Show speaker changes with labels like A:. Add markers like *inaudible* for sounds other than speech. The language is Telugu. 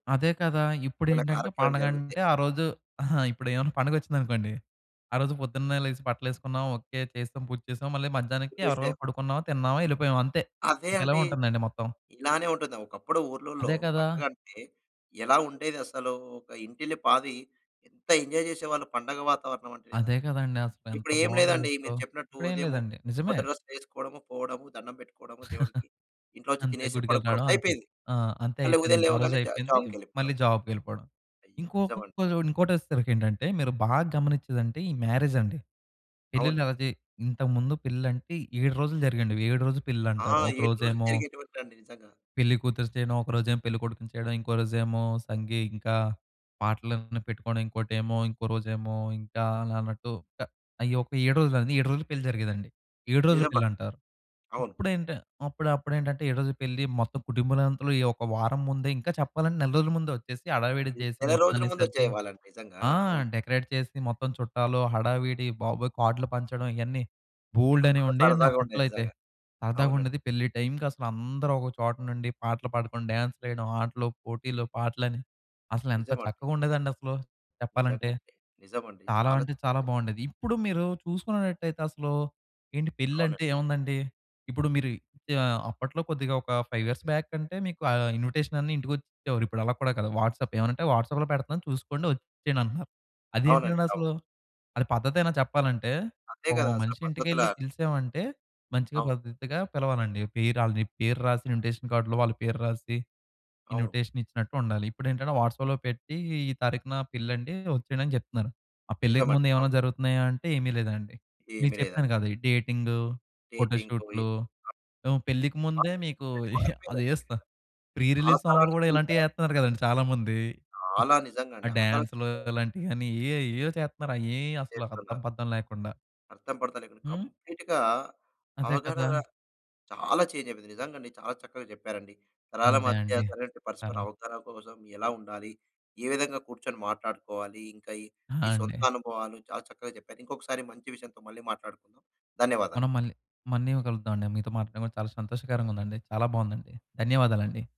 A: అదే కదా!
B: ఏదన్నా
A: ఇప్పుడేంటంటే
B: కార్యక్రమం జరుగుతే
A: పండగంటే, ఆ రోజు అహా, ఇప్పుడేమన్నా పండగొచ్చిందనుకోండి, ఆ రోజు పొద్దున్నే లేసి బట్టలేసుకున్నాం ఓకె, చేసేశాం, పూజ చేశాం. మళ్ళీ మధ్యాహ్నంకి ఎవరికి
B: చేస్తే
A: వాళ్ళు పడుకున్నామా, తిన్నామా, ఎళ్ళిపోయామా, అంతే.
B: అదే
A: ఇంక ఇలగే
B: అండి.
A: ఉంటందండి మొత్తం.
B: ఇలానే ఉంటుంది. ఒకప్పుడు ఊర్లల్లో
A: అదే కదా!
B: పండగంటే, ఎలా ఉండేది అసలు. ఒక ఇంటిల్లిపాది ఎంత ఎంజాయ్ జేసేవాళ్ళు పండగ వాతావరణం అంటే
A: అదే
B: నిజంగా.
A: కదండీ! అసలు. ఎంత
B: ఇప్పుడు ఏం
A: బావుండేది
B: లేదండి. మీరు
A: అసలు.
B: చెప్పినట్టు
A: ఇప్పుడేం
B: ఉదయము
A: లేదండి. నిజమే.
B: కొత్త డ్రెసులు ఏసుకోడము, పోవడము, దండం పెట్టుకోవడము దేవుడికి,
A: *chuckles*
B: ఇంట్లో వచ్చి
A: అంతే.
B: తినేసి
A: గుడికెళ్ళి
B: పడుకోవడం.
A: రావడం, అంతే.
B: అయిపోయింది.
A: ఆ! అంతే
B: మళ్ళీ ఉదయం
A: అయిపోయింది. ఆ రోజు
B: లేవగానే జా
A: అయిపోయింది.
B: జాబ్‌‌కె‌ళ్ళిపోవడం.
A: మళ్ళీ జాబ్‌కెళ్ళిపోవడం.
B: అయ్యో! నిజమండి.
A: ఇంకొకటి చూడండి, ఇంకోటి వచ్చేసరికి ఏంటంటే, మీరు బాగా గమనిచ్చేదంటే, ఈ మ్యారేజ్ అండి. పెళ్లిళ్లు
B: అవునండి.
A: అయితే ఇంతకు ముందు పెళ్లంటే, 7 రోజులు జరిగేయండి అవి, 7 రోజుల
B: ఆ!
A: పెళ్లంటారు. ఒక
B: 7 రోజులు
A: రోజేమో...
B: జరిగేటివంటండి నిజంగా.
A: పెళ్లి కూతురిని చేయడం. ఒక రోజేమో, పెళ్ళికొడుకుని చేయడం, ఇంకో రోజేమో సంగీ, ఇంకా పాటలన్నీ పెట్టుకోవడం. ఇంకోటేమో, ఇంకో రోజేమో, ఇంకా అలా అన్నట్టు. ట్టా అయ్యొక 7 రోజులది, 7 రోజులు పెళ్లి జరిగేదండి. 7 రోజుల
B: నిజమండి.
A: పెళ్లంటారు.
B: అవును.
A: ఇప్పుడేంటి అప్పుడు అప్పుడేంటంటే, 7 రోజుల పెళ్లి, మొత్తం కుటుంబాలనంతలు ఈ ఒక వారం ముందే ఇంకా చెప్పాలంటే, నెల రోజుల ముందే వొచ్చేసి హడావిడి
B: ఇద్
A: జేసి
B: నెల రోజులు
A: మొత్తాన్ని
B: ముందు
A: సర్ది
B: వచ్చేవాళ్ళండి నిజంగా.
A: ఆ!
B: అవును.
A: డెకరేట్ చేసి, మొత్తం చుట్టాలు, హడావిడి, బాబోయ్! కార్డులు పంచడం ఇయన్నీ బోల్డన్నీ
B: చాలా
A: ఉండేయండి అప్పట్లో
B: సరదాగుండేది
A: అయితే.
B: నిజంగా. అవునండి.
A: సరదాగుండేది. పెళ్లి టైంకి అసలు అందరూ ఒక చోట నుండి పాటలు పాడుకొని, డాన్సులేయడం, ఆటలు, పోటీలు, పాటలని, అసలేంత
B: నిజమండి.
A: చక్కగుండేదండి అసలు చెప్పాలంటే.
B: నిజంగండి. నిజమండి.
A: చాలా
B: చాలా
A: అంటే చాలా
B: చక్కగ
A: బావుండేది.
B: చెప్పారు.
A: ఇప్పుడు మీరు చూసుకునేటట్టయితే అసలు, ఏంటి
B: అవునండి.
A: పెళ్లంటే ఏముందండి, ఇప్పుడు మీరు ఆహ్, అప్పట్లో కొద్దిగా ఒక 5 ఇయర్స్ బ్యాక్ అంటే, మీకు ఆహ్, ఇన్విటేషన్ అన్నా ఇంటికొచ్చిచ్చేవారు. ఇప్పుడు అలా కూడా కాదు, వాట్సాప్. ఏవన్నా అంటే, "వాట్సాప్‌లో పెడతన్నాను, చూసుకోండి, ఒచ్చేయండి" అంటున్నారు. అది
B: అవునండి.
A: ఏంటండి
B: అవును.
A: అసలు? అది పద్ధతేనా చెప్పాలంటే?
B: అంతే
A: ఒక
B: కదా! అసలు
A: మనిషి ఇంటికెళ్ళి
B: పద్ధతులా
A: పిలిశామంటే, మంచిగా
B: అవును.
A: పద్ధతిగా పిలవాలండి. పేరు ఆళ్ళు, నీ పేరు రాసి ఇన్విటేషన్ కార్డ్‌లో, వాళ్ళ పేరు రాసి,
B: అవును.
A: ఇన్విటేషన్ ఇచ్చినట్టుండాలి. ఇప్పుడేంటంటే, వాట్సాప్‌లో పెట్టి, ఈ తారీఖున పెళ్లండి, ఒచ్చేయండి, అని జెప్తున్నారు. ఆ పెళ్ళికి
B: నిజమండి.
A: ముందు
B: అవును.
A: ఏవన్నా జరుగుతున్నాయా అంటే, ఏమి లేదండి. మీకు
B: ఏమి
A: చెప్పాను
B: లేదండి.
A: కదా! ఈ డేటింగూ, ఫొటో
B: డేటింగ్ పోయి
A: షూట్లు, హ్మ్, పెళ్ళికి ముందే
B: మారి
A: మీకు
B: అప్‌డేట్
A: *giggles*
B: మారిపోయిందండి
A: అదేస్తా,
B: నిజంగ.
A: ప్రీ
B: ఆ
A: రిలీజ్ సాంగులు
B: తరానికి,
A: గూడా
B: ఈ తరానికి
A: ఇలాంటియేత్తన్నారు
B: మాట్
A: గదండీ! చాలామంది.
B: చాలా
A: ఆ
B: నిజంగండి. ఆ తరానికి,
A: డాన్సులు,
B: ఈ తరానికి
A: అలాంటియని, ఏయో, ఏయో, చేత్త‌న్నారు. అయ్యేయి అసలా అద్దం,
B: చేస్తున్నారు.
A: పద్దం లేకుండా.
B: అర్థం పర్దం లేకుండా
A: హ్మ్?
B: కంప్లీట్‌గా
A: అదే
B: అవగాహన
A: కదా!
B: చాలా చేంజైపోయింది. నిజంగండి చాలా చక్కగా చెప్పారండి. తరాల
A: అదే
B: మధ్య
A: అండి.
B: సరైనటి పరస్పర
A: సరే.
B: అవతర కోసం ఎలా ఉండాలి? ఏ విధంగా కూర్చొని మాట్లాడుకోవాలి? ఇంకా ఈ
A: ఆ!
B: ఈ సొంత
A: అండి.
B: అనుభవాలు చాలా చక్కగా చెప్పారు. ఇంకొకసారి మంచి విషయంతో మళ్ళీ మాట్లాడుకుందాం. ధన్యవాదాలు.
A: మనం మళ్ళీ, మళ్ళీ కలుద్దామండి. మీతో మాట్లాడడం కూడా చాలా సంతోషకరంగా ఉందండి. చాలా బావుందండి. ధన్యవాదాలండి.